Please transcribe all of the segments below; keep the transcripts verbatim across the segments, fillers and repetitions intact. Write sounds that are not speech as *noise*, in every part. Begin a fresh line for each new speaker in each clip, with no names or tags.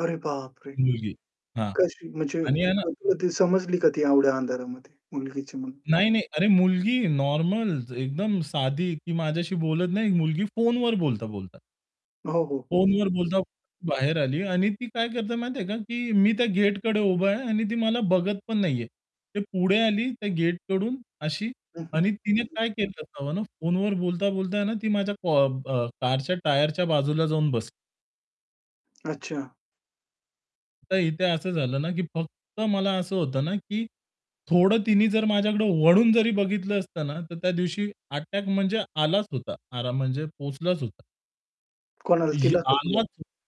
अरे बाप रे!
मुलगी हां.
कशी म्हणजे,
आणि आहे ना
कधी समजली का ती येवढ्या अंधारामध्ये मुलगीची म्हणून?
नाही, नाही अरे मुलगी नॉर्मल एकदम साधी की माझ्याशी बोलत नाही, मुलगी फोन वर बोलता-बोलता.
हो, हो, हो.
फोनवर बोलता बाहेर आली आणि ती काय करते माहिती आहे का, की मी त्या गेटकडे उभा आहे आणि ती मला बघत पण नाहीये. ते पुढे आली त्या गेटकडून अशी
हं, हं.
आणि तिने
हं, हं.
काय केलं असावं ना, फोनवर बोलता-बोलता ना ती माझ्या कॉ ब कारच्या टायरच्या बाजूला जाऊन बसली.
अच्छा.
तर इथे असं झालं ना, की फक्त मला असं होतं ना, की थोडं तिनी जर माझ्याकडे वळून जरी बघितलं असतं ना, तर त्यादिवशी अटॅक म्हणजे आलाच होता आराम म्हणजे पोहोचलाच होता. इ
कोणाला, तिला का तुला?
*unintelligible*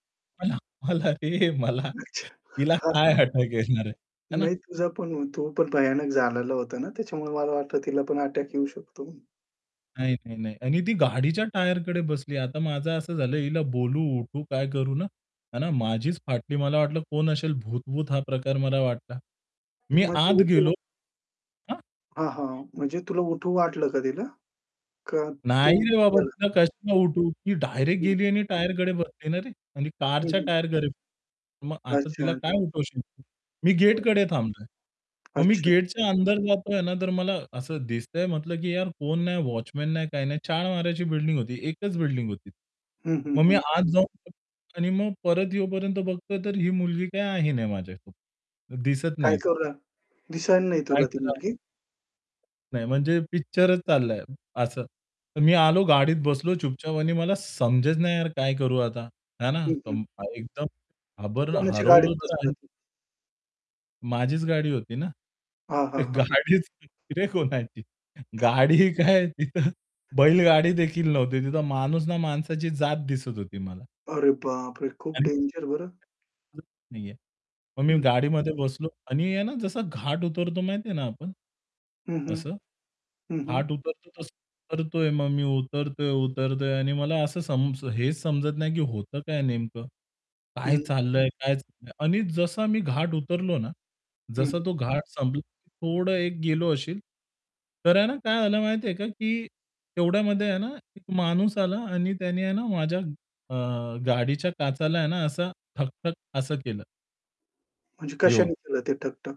मला, मला रे मला
अच्छा.
तिला काय
*unintelligible*
अटॅक येणार आहे. हे ना?
नाही तुझा पण होतो, पण भयानक झालेला होता ना, त्याच्यामुळे मला वाटतं तिला पण अटॅक येऊ शकतो.
नाही, नाही, नाही. आणि ती गाडीच्या टायरकडे बसली. आता माझं असं झालं, हिला बोलू, उठू काय करू ना? आणि माझीच फाटली. मला वाटलं कोण असेल भूत-वूत हा प्रकार मला वाटला.
तू
मी आत
म्हटलेलं
गेलो.
तो.
हां.
हां, हां. म्हणजे तुला उठू वाटलं का तिला? का
नाही
तू
रे बाबा!
गेला?
तिला कशी काय उठवू ती डायरेक्ट
हं.
गेली आणि टायरकडे बसली ना रे. आणि
हं,
कारच्या
हं.
टायरकडे मग आता तिला
अच्छा, अच
काय उठवशील तू? मी गेटकडे थांबतोय.
*unintelligible*
मग मी
अच्छा.
गेटच्या अंदर जातोय ना, तर मला असं दिसतंय म्हटलं, की यार फोन नाही वॉचमन नाही काही नाही. चार माळ्याची बिल्डिंग होती, एकच बिल्डिंग होती.
हं, हं,
मग मी
हं.
आत जाऊन आणि मग परत येईपर्यंत बघतो तर ही मुलगी काही आहे नाही, माझ्यासोबत दिसत
काय
नाहीत.
करू? *unintelligible* दिसणार नाही
काय
तुला ती
कर
मुलगी.
नाही म्हणजे पिक्चरच चाललाय असं. मी आलो गाडीत बसलो चुपचाप आणि मला समजत नाही यार काय करू आता हे ना?
हं, हं.
कंप एकदम घाबर
कोणाची गाडीत
हरवलं तर
बसलं
आहे.
तू?
माझीच गाडी होती ना?
हां. हां. हां.
गाडीच रे कोणाची गाडी काय तिथं बैलगाडीदेखील नव्हती, तिथं माणूस ना माणसाची जात दिसत होती मला.
अरे बापरे! खूप
आणि.
डेंजर बरं.
*unintelligible* नाहीये. मग मी
हं.
गाडीमध्ये बसलो आणि आहे ना जसा घाट उतरतो माहिती आहे ना आपण.
हं, हं.
असं?
हं, हं.
घाट उतरतो तसं उतरतोय मग मी उतरतोय, उतरतोय आणि मला असं सम हेच समजत नाही, की होतं काय नेमकं. काय
हं.
चाललंय काय? आणि जसा मी घाट उतरलो ना,
हं.
जसा तो घाट संपला, थोडं एक गेलो असेल. तर आहे ना काय आलं माहिती आहे का, की तेवढ्यामध्ये आहे ना एक माणूस आला आणि त्याने आहे ना माझ्या अ, गाडीच्या काचाला आहे ना असं ठक-ठक असं केलं.
म्हणजे कशाने
येऊन.
केलं ते ठक-ठक?